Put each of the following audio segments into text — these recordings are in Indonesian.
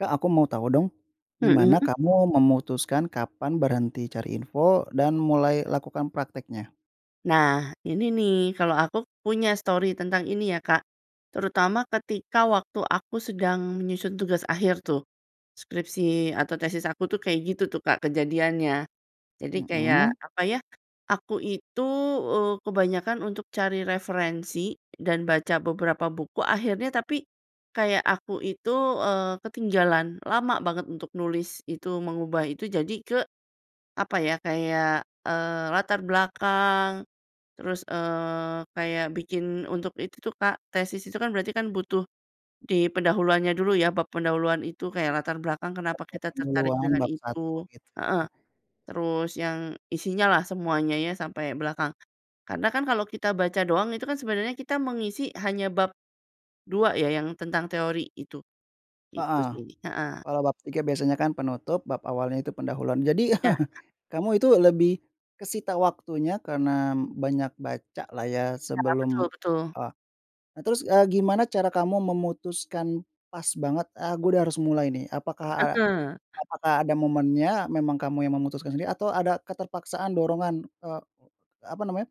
Kak, aku mau tahu dong, Mhm. gimana kamu memutuskan kapan berhenti cari info dan mulai lakukan prakteknya? Nah, ini nih, kalo aku punya stori tentang ini ya Kak. Terutama ketika waktu aku sedang menyusun tugas akhir tuh. Skripsi atau tesis aku tuh kayak gitu tuh Kak kejadiannya. Jadi Mhm. kayak apa ya, aku itu, eee, kebanyakan untuk cari referensi dan baca beberapa buku, akhirnya tapi kayak aku itu, eee, ketinggalan lama banget untuk nulis itu, mengubah itu jadi ke, apa ya, kayak, eee, latar belakang, terus, eee, kayak bikin untuk itu tuh Kak tesis itu kan berarti kan butuh di pendahuluannya dulu ya, bab pendahuluan itu, kayak latar belakang kenapa Pe pe kita tertarik pengulangan dengan bab 1 itu, gitu ya? heeh, terus yang isinya lah semuanya ya sampai belakang. Karena kan kalau kita baca doang itu kan sebenarnya kita mengisi hanya bab 2 ya, yang tentang teori gitu. Itu Heeh. sih. Heeh. Kalau bab 3 biasanya kan penutup, bab awalnya itu pendahuluan. Jadi Ya. kamu itu lebih kesita waktunya karena banyak baca lah ya, Nah, sebelum betul betul. eee, nah terus, eee, gimana cara kamu memutuskan pas banget, "Ah gua udah harus mulai nih"? Apakah a apakah ada momennya memang kamu yang memutuskan sendiri, atau ada keterpaksaan dorongan eee, apa namanya,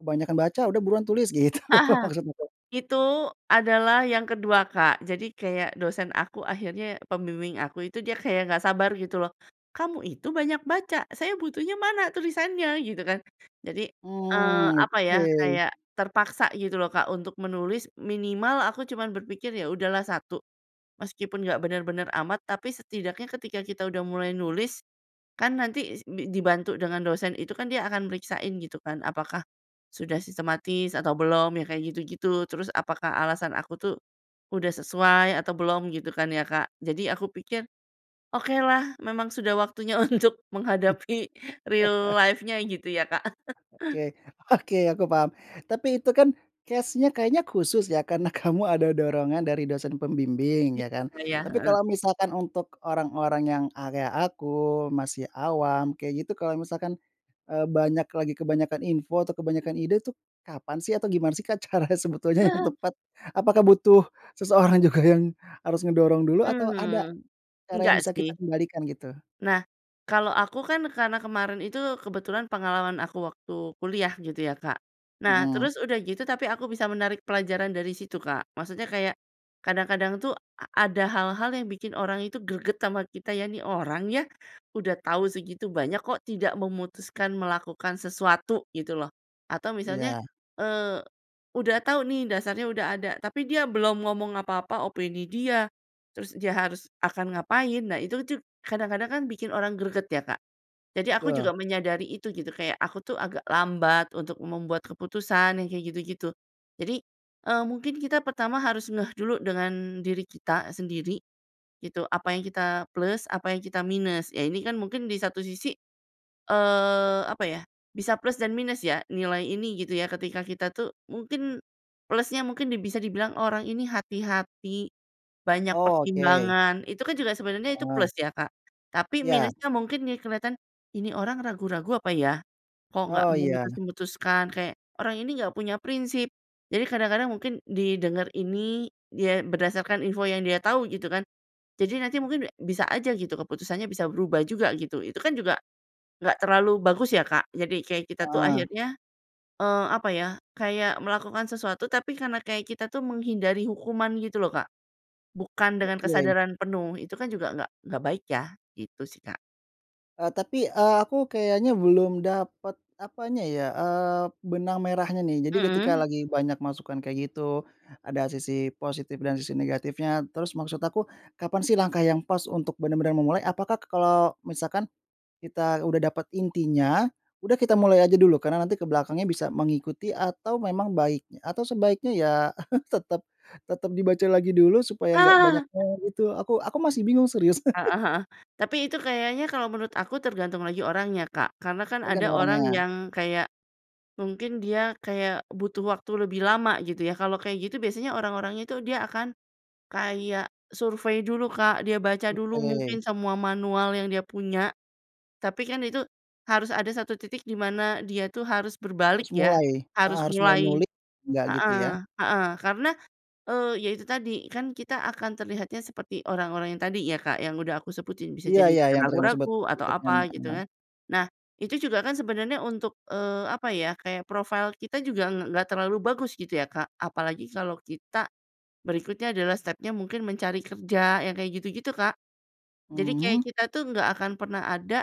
"Kebanyakan baca, udah buruan tulis!" gitu, maksudnya tuh. Itu adalah yang ke-2 Kak. Jadi kayak dosen aku akhirnya pembimbing aku itu dia kayak nggak sabar gitu loh, "Kamu itu banyak baca, saya butuhnya mana tulisannya?" Gitu kan. Jadi, eee, Mmm, apa ya, oke. kayak terpaksa gitu loh Kak untuk menulis minimal aku cuman berpikir ya udahlah 1, meskipun nggak benar-benar amat tapi setidaknya ketika kita udah mulai nulis, kan nanti si dibantu dengan dosen itu, kan dia akan periksain gitu kan, apakah sudah sistematis atau belum, ya kayak gitu-gitu. Terus apakah alasan aku tuh udah sesuai atau belum gitu kan ya Kak. Jadi aku pikir, "Okelah, memang sudah waktunya untuk menghadapi real life-nya gitu ya Kak? Oke. Oke, aku paham. Tapi itu kan case-nya kayaknya khusus ya, karena kamu ada dorongan dari dosen pembimbing, Ya, ya kan? iya, Tapi heeh. kalau misalkan untuk orang-orang yang, eee, kaya aku, masih awam, kayak gitu kalau misalkan, eee, banyak lagi kebanyakan info atau kebanyakan ide tuh, kapan sih atau gimana sih Kak cara sebetulnya yang tepat? Apakah butuh seseorang juga yang harus ngedorong dulu, atau ada Mmm, cara yang enggak bisa kita sih. kendalikan gitu? Nah, kalau aku kan karena kemarin itu kebetulan pengalaman aku waktu kuliah gitu ya Kak. Nah, Mhm. terus udah gitu tapi aku bisa menarik pelajaran dari situ Kak, maksudnya kayak kadang-kadang tuh a ada hal-hal yang bikin orang itu greget sama kita ya, "Ini orang ya, udah tahu segitu banyak kok tidak memutuskan melakukan sesuatu." gitu loh. Atau misalnya, Iya. eee, udah tahu nih, dasarnya udah ada, tapi dia belum ngomong apa-apa opini dia, terus dia harus akan ngapain, nah itu tuh kadang-kadang kan bikin orang greget ya Kak. Jadi aku Betul. juga menyadari itu gitu, kayak aku tuh agak lambat untuk membuat keputusan yang kayak gitu-gitu. Jadi, eee, mungkin kita pertama harus ngeh dulu dengan diri kita sendiri, gitu, apa yang kita plus, apa yang kita minus. Ya ini kan mungkin di satu sisi, eee, apa ya, bisa plus dan minus ya, nilai ini gitu ya, ketika kita tuh mungkin plusnya mungkin di bisa dibilang "Orang ini hati-hati, banyak Oke! pertimbangan." Itu kan juga sebenarnya itu Heeh. plus ya Kak? Tapi Iya. minusnya mungkin nih kelihatan, "Ini orang ragu-ragu apa ya? Kok nggak Oh, iya. memutus-memutuskan?" Kayak, "Orang ini nggak punya prinsip!" Jadi kadang-kadang mungkin didengar ini, dia berdasarkan info yang dia tau gitu kan? Jadi nanti mungkin bi bisa aja gitu keputusannya bisa berubah juga gitu, itu kan juga nggak terlalu bagus ya Kak? Jadi kayak kita tuh Heeh. akhirnya, eee, apa ya, kayak melakukan sesuatu tapi karena kayak kita tuh menghindari hukuman gitu loh Kak, bukan dengan Oke. kesadaran penuh. Itu kan juga nggak nggak baik ya? Gitu sih Kak. Eee, tapi, eee, aku kayaknya belum dapat, apanya ya, eee, benang merahnya nih. Jadi ketika Mhm. lagi banyak masukan kayak gitu, ada sisi positif dan sisi negatifnya, terus maksud aku, kapan sih langkah yang pas untuk benar-benar memulai? Apakah kalau misalkan kita udah dapat intinya, udah kita mulai aja dulu karena nanti ke belakangnya bisa mengikuti atau memang baik atau sebaiknya ya, tetap tetap dibaca lagi dulu supaya nggak banyak eee, itu, aku aku masih bingung serius. Heeh heeh. Tapi itu kayaknya kalau menurut aku tergantung lagi orangnya Kak, karena kan ada Tergantung orang orangnya. yang kayak mungkin dia kayak butuh waktu lebih lama gitu ya. Kalau kayak gitu biasanya orang-orangnya itu dia akan kayak survei dulu Kak, dia baca dulu mungkin Oke. semua manual yang dia punya, tapi kan itu harus ada titik di mana dia tuh harus berbalik Harus ya, mulai, heeh, harus harus mulai mulai nulik enggak gitu heeh, ya? heeh. Karena, eee, ya itu tadi, kan kita akan terlihatnya seperti orang-orang yang tadi ya Kak, yang udah aku sebutin, bisa Iya jadi iya, yang tadi kamu sebut. ragu-ragu atau apa gitu [unintelligible] kan. Nah, itu juga kan sebenarnya untuk, eee, apa ya, kayak profil kita juga ng nggak terlalu bagus gitu ya Kak, apalagi kalau kita berikutnya adalah stepnya mungkin mencari kerja yang kayak gitu-gitu Kak. Jadi kayak Mhm? kita tuh nggak akan pernah ada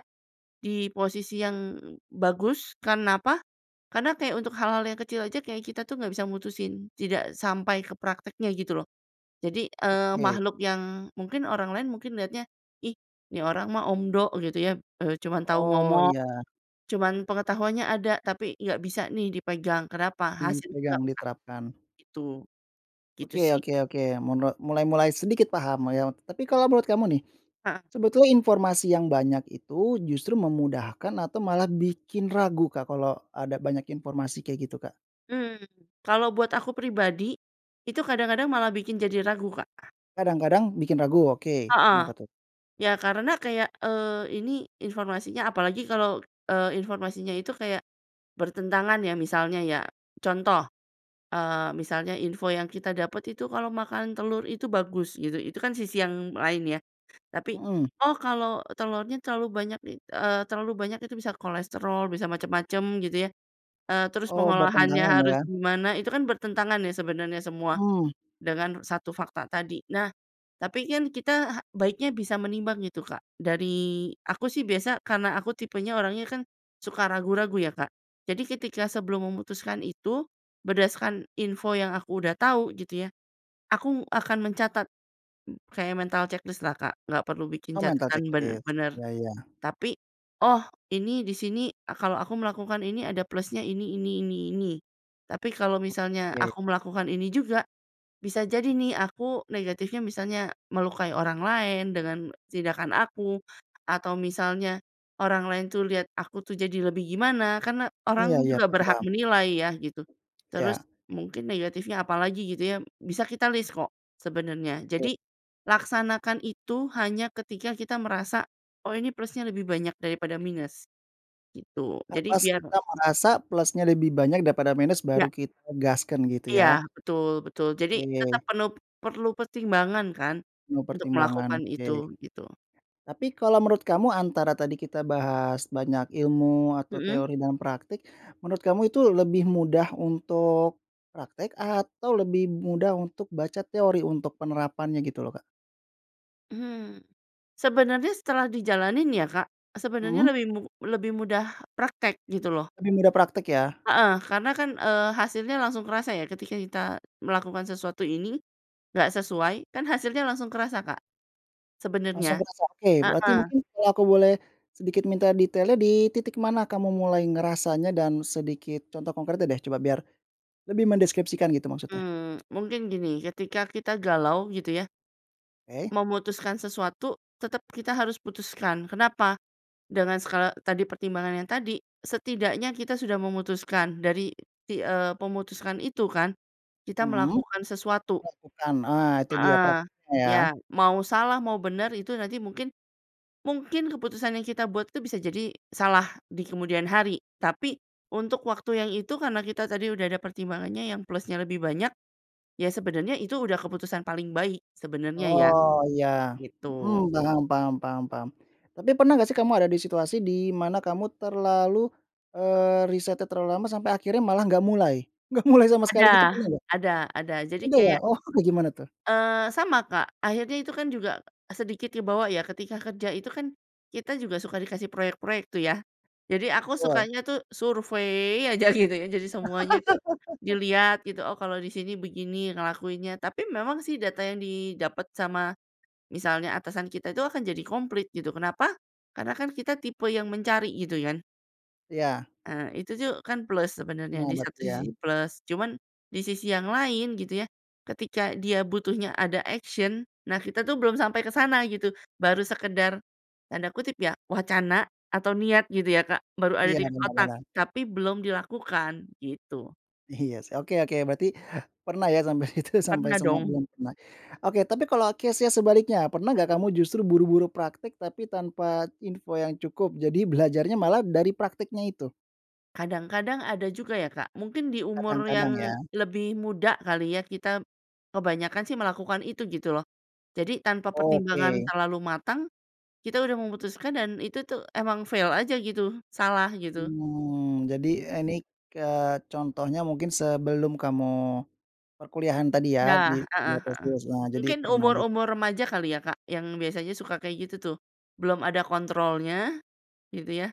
di posisi yang bagus, karena apa? Karena kayak untuk hal-hal yang kecil aja kayak kita tuh nggak bisa mutusin, tidak sampai ke praktiknya gitu loh. Jadi, eee, Oke. makhluk yang mungkin orang lain mungkin lihatnya, "Ih, ini orang mah omdo," gitu ya, eee, "cuma tau Oh ngomong." iya. Cuma pengetahuannya ada, tapi nggak bisa nih dipegang, kenapa? Hasilnya Dipegang, nggak ada, diterapkan. gitu. Gitu Oke sih. oke oke. Munle mulai mulai sedikit paham lah ya. Tapi kalau menurut kamu nih, Heeh. sebetulnya informasi yang banyak itu justru memudahkan atau malah bikin ragu Kak, kalau ada banyak informasi kayak gitu Kak? Mmm, kalau buat aku pribadi, itu kadang-kadang malah bikin jadi ragu Kak. Kadang-kadang bikin ragu, oke, Heeh. kenapa tuh? Ya karena kayak, eee, ini informasinya apalagi kalau, eee, informasinya itu kayak bertentangan ya, misalnya ya. Contoh, eee, misalnya info yang kita dapat itu kalau makan telur itu bagus gitu, itu kan sisi yang lain ya, tapi, Mhm. "Oh kalau telurnya terlalu banyak it eee, terlalu banyak itu bisa kolesterol, bisa macam-macam." gitu ya, eee, terus Oh pengolahannya bertentangan harus ya? gimana itu kan bertentangan ya sebenarnya semua Mmm. dengan 1 fakta tadi. Nah, tapi kan kita baiknya bisa menimbang gitu Kak dari aku sih biasa karena aku tipenya orangnya kan suka ragu-ragu ya Kak, jadi ketika sebelum memutuskan itu, berdasarkan info yang aku udah tau, gitu ya, aku akan mencatat kayak mental ceklis lah Kak, nggak perlu bikin Oh mental catatan ceklis? benar-benar. Ya, iya. Tapi, "Oh, ini di sini kalau aku melakukan ini ada plusnya ini ini ini ini." Tapi kalau misalnya Oke. aku melakukan ini juga, bisa jadi nih aku negatifnya misalnya melukai orang lain, dengan tindakan aku, atau misalnya orang lain tuh lihat aku tuh jadi lebih gimana. Karena Iya orang iya, juga paham berhak paham. menilai ya gitu. Iya. Terus mungkin negatifnya apalagi gitu ya, bisa kita list kok sebenarnya. Oke. Jadi, laksanakan itu hanya ketika kita merasa, "Oh ini plusnya lebih banyak daripada minus." gitu. Eee, Jadi pas biar kita merasa plusnya lebih banyak daripada minus baru Nggak. kita gaskan gitu Iya, ya? betul betul. Jadi, tetap Oke. penu perlu pertimbangan kan untuk Mempertimbangkan, melakukan oke. itu, gitu. Tapi kalau menurut kamu antara tadi kita bahas banyak ilmu atau Mhm. teori dan praktik, menurut kamu itu lebih mudah untuk praktik atau lebih mudah untuk baca teori untuk penerapannya gitu loh Kak? Hmm, sebenarnya setelah dijalanin ya Kak, sebenarnya Mhm. lebih mu lebih mudah praktik, gitu loh. Lebih mudah praktik ya? Heeh, karena kan, eee, hasilnya langsung kerasa ya ketika kita melakukan sesuatu ini, nggak sesuai, kan hasilnya langsung kerasa Kak, sebenarnya. Langsung kerasa? Oke, berarti Heeh. mungkin kalau aku boleh sedikit minta detailnya di titik mana kamu mulai ngerasanya dan sedikit contoh konkretnya deh, coba, biar lebih mendeskripsikan gitu maksudnya. Mmm, mungkin gini, ketika kita galau gitu ya Oke. memutuskan sesuatu tetap kita harus putuskan. Kenapa? Dengan skala tadi pertimbangan yang tadi, setidaknya kita sudah memutuskan. Dari, ti eee, memutuskan itu kan, kita Mhm. melakukan sesuatu. Melakukan ah, itu dia Heeh. praktiknya ya? Ya, mau salah, mau benar, itu nanti mungkin mungkin keputusan yang kita buat itu bisa jadi salah di kemudian hari, tapi untuk waktu yang itu karena kita tadi udah ada pertimbangannya yang plusnya lebih banyak, ya sebenarnya itu udah keputusan paling baik sebenarnya ya, Oh iya, gitu. mhm, paham paham paham paham. Tapi pernah nggak sih kamu ada di situasi di mana kamu terlalu eee, risetnya terlalu lama sampai akhirnya malah nggak mulai? Nggak mulai sama sekali Ada, gitu pernah nggak? ada ada. Jadi Udah ya? kayak Oh kayak gimana tuh? Eee, sama Kak. Akhirnya itu kan juga sedikit kebawa ya, ketika kerja itu kan kita juga suka dikasih proyek-proyek tuh ya? Jadi aku Betul. sukanya tuh survey aja gitu ya, jadi semuanya itu dilihat gitu, "Oh, kalau di sini begini, ngelakuinnya." Tapi memang sih, data yang didapat sama misalnya atasan kita, itu akan jadi komplit gitu, kenapa? Karena kan kita tipe yang mencari gitu kan. Iya. Eee, itu tuh kan plus sebenarnya, Pernah di satu berarti ya? sisi plus, cuman di sisi yang lain gitu ya, ketika dia butuhnya ada action, nah kita tuh belum sampai ke sana gitu, baru sekedar, tanda kutip ya, "wacana", atau "niat" gitu ya Kak, baru ada Iya, di benar, otak, benar. tapi belum dilakukan, gitu. Iya, sih. Oke oke, berarti pernah ya sampai itu sampai Pernah semua dong. belum pernah. Oke, tapi kalau case-nya sebaliknya, pernah nggak kamu justru buru-buru praktek tapi tanpa info yang cukup, jadi belajarnya malah dari prakteknya itu? Kadang-kadang ada juga ya Kak, mungkin di umur yang Kadang-kadang ya? lebih muda kali ya, kita kebanyakan sih melakukan itu gitu loh. Jadi tanpa pertimbangan Oke. terlalu matang, kita udah memutuskan, dan itu tuh emang fail aja gitu, salah gitu. Mmm, jadi ini, eee, contohnya mungkin sebelum kamu perkuliahan tadi ya, Nah, di, heeh heeh. [unintelligible] jadi Mungkin pernah git umur-umur remaja kali ya Kak, yang biasanya suka kayak gitu tuh, belum ada kontrolnya gitu ya,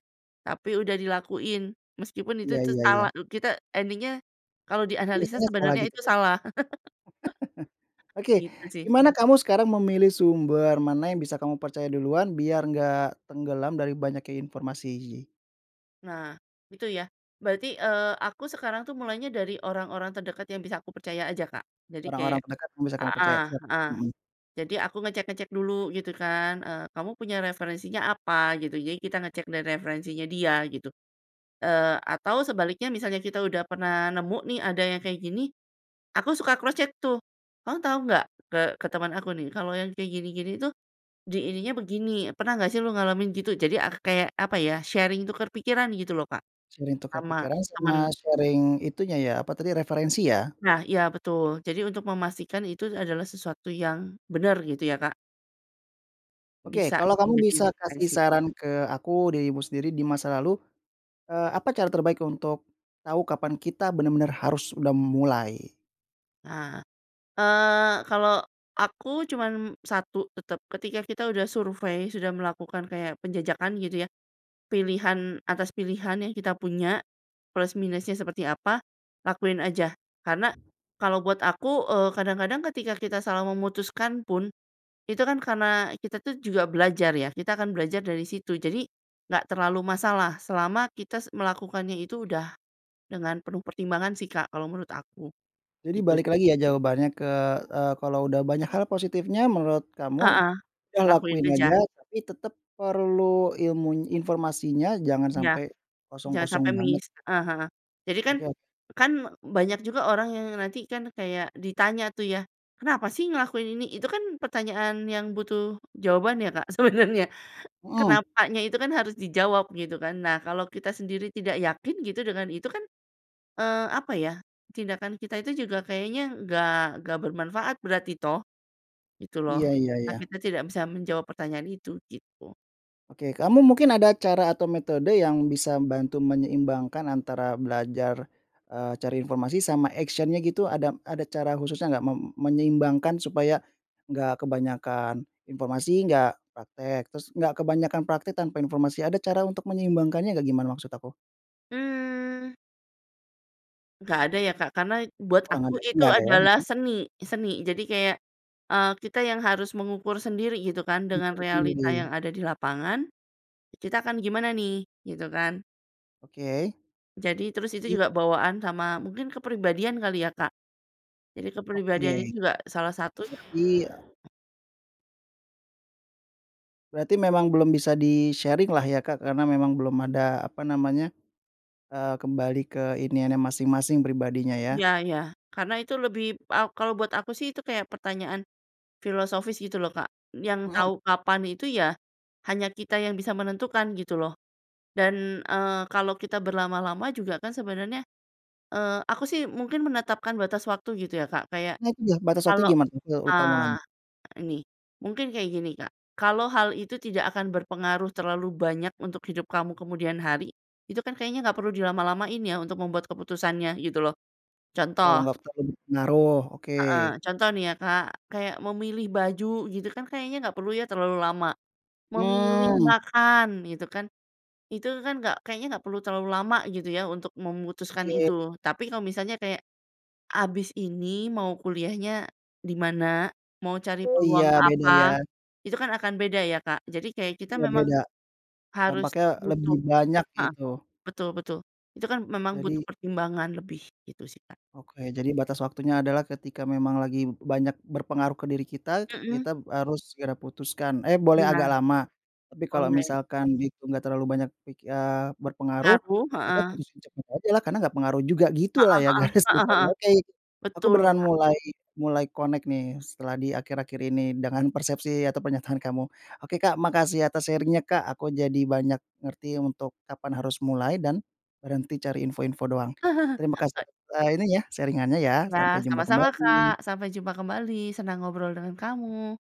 tapi udah dilakuin. Meskipun itu Iya tuh iya salah, iya. kita ending-nya kalau dianalisa Biasanya salah sebenarnya gitu itu ya? salah. Oke, Gitu sih. gimana kamu sekarang memilih sumber mana yang bisa kamu percaya duluan biar nggak tenggelam dari banyaknya informasi? Nah, itu ya. Berarti, eee, aku sekarang tuh mulainya dari orang-orang terdekat yang bisa aku percaya aja Kak. Jadi Orang-orang kayak terdekat yang bisa kamu percaya heeh siap. heeh, Mhm. jadi aku ngecek-ngecek dulu gitu kan, eee, "Kamu punya referensinya apa?" Gitu. Jadi kita ngecek dari referensinya dia gitu. Eee, atau sebaliknya misalnya kita udah pernah nemu nih ada yang kayak gini aku suka cross check tuh, "Kamu tau nggak," ke ke teman aku nih, "kalau yang kayak gini-gini tuh di ininya begini. Pernah nggak sih lo ngalamin gitu?" Jadi ak kayak, apa ya, sharing, tukar pikiran gitu loh Kak, Sharing tukar sama pikiran sama teman. sharing, itunya ya, apa tadi, referensi ya? Nah, iya betul. Jadi untuk memastikan itu adalah sesuatu yang benar, gitu ya Kak. Oke, Bisa kalau kamu menjadi bisa kasih referensi. saran ke aku, dirimu sendiri di masa lalu, eee, apa cara terbaik untuk tahu kapan kita benar-benar harus udah mulai? Ah! Eee, kalau aku cuman satu, tetap. Ketika kita udah survei, sudah melakukan kayak penjajakan gitu ya, pilihan atas pilihan yang kita punya, plus minusnya seperti apa, lakuin aja. Karena kalau buat aku, eee, kadang-kadang ketika kita salah memutuskan pun, itu kan karena kita tuh juga belajar ya, kita akan belajar dari situ. Jadi, nggak terlalu masalah, selama kita melakukannya itu udah dengan penuh pertimbangan sih Kak, kalau menurut aku. Jadi Itu balik sih. lagi ya jawabannya ke eee, kalau udah banyak hal positifnya menurut kamu, Heeh, ya lakuin lakuin aja. aja, tapi tetap perlu ilmuny informasinya, jangan Iya. sampai Jangan kosong-kosong sampai banget. missed. Heeh heeh. Jadi kan Oke o kan banyak juga orang yang nanti kan kayak ditanya tuh ya, "Kenapa sih ngelakuin ini?" Itu kan pertanyaan yang butuh jawaban ya Kak, sebenarnya. Mhm. Kenapanya itu kan harus dijawab gitu kan. Nah kalau kita sendiri tidak yakin, gitu, dengan itu kan, eee, apa ya, tindakan kita itu juga kayaknya nggak nggak bermanfaat berarti toh? Gitu loh. Iya iya Ah, iya. kita tidak bisa menjawab pertanyaan itu, gitu. Oke, kamu mungkin ada cara atau metode yang bisa bantu menyeimbangkan antara belajar, eee, cari informasi sama action-nya gitu, ada ada cara khususnya enggak, mem menyeimbangkan supaya enggak kebanyakan informasi, enggak praktek. Terus enggak kebanyakan praktek tanpa informasi. Ada cara untuk menyeimbangkannya enggak, gimana? Mksud aku. Mmm Nggak ada ya Kak, karena buat Kurang aku ada ya itu nggak ada ya? adalah Mhm. seni, seni. Jadi kayak, eee, kita yang harus mengukur sendiri gitu kan dengan Mengukur realita yang sendiri. ada di lapangan, "Kita akan gimana nih?" Gitu kan. Oke, Jadi terus itu mhm. juga bawaan sama mungkin kepribadian kali ya Kak? Jadi kepribadian itu Oke, juga salah satu berarti, e Berarti memang belum bisa di-sharing lah ya Kak, karena memang belum ada apa namanya, eee, kembali ke iniannya masing-masing, pribadinya ya? Ya ya, karena itu lebih a kalau buat aku sih itu kayak pertanyaan filosofis gitu loh Kak, yang Mhm. tau kapan itu ya hanya kita yang bisa menentukan gitu loh. Dan, eee, kalau kita berlama-lama juga kan sebenarnya eee, aku sih mungkin menetapkan batas waktu gitu ya Kak, kayak Nah itu udah batas waktu kalau, gimana tuh? Eee, lupa mau nanya. eee, ini mungkin kayak gini Kak, kalau hal itu tidak akan berpengaruh terlalu banyak untuk hidup kamu kemudian hari, itu kan kayaknya nggak perlu dilama-lamain ya untuk membuat keputusannya gitu loh. Kalau Contoh nggak terlalu berpengaruh, oke. Heeh, contoh nih ya Kak, kayak memilih baju gitu kan kayaknya nggak perlu ya terlalu lama? Memilih Mmm. makan gitu kan, itu kan nggak kayaknya nggak perlu terlalu lama gitu ya untuk memutuskan Oke. itu loh. Tapi kalau misalnya kayak, "Habis ini mau kuliahnya di mana? Mau cari Oh iya, peluang beda apa?" ya? Itu kan akan beda ya Kak? Jadi kayak kita Iya memang beda. harus Dampaknya butuh lebih banyak heeh, gitu. betul betul. Itu kan memang Jadi butuh pertimbangan lebih, gitu sih Kak. Oke, jadi batas waktunya adalah ketika memang lagi banyak berpengaruh ke diri kita, Mhm. kita harus segera putuskan, eh, boleh agak Iya. lama. Tapi kalau Online. misalkan itu enggak terlalu banyak ki eee berpengaruh, Ngaruh. kita Heeh. putusin cepat ajalah, karena enggak pengaruh juga, gitulah Heeh ya heeh, garis heeh besarnya? heeh, Oke. Aku betul beneran Kak. mulai mulai connect nih setelah di akhir-akhir ini, dengan persepsi atau pernyataan kamu. Oke Kak, makasih atas sharing-nya Kak, aku jadi banyak ngerti untuk kapan harus mulai dan berhenti cari info-info doang. Terima kasih, eee, ini ya sharing-annya ya, Iya, sampai jumpa sama-sama Kak, kembali! sampai jumpa kembali! Senang ngobrol dengan kamu.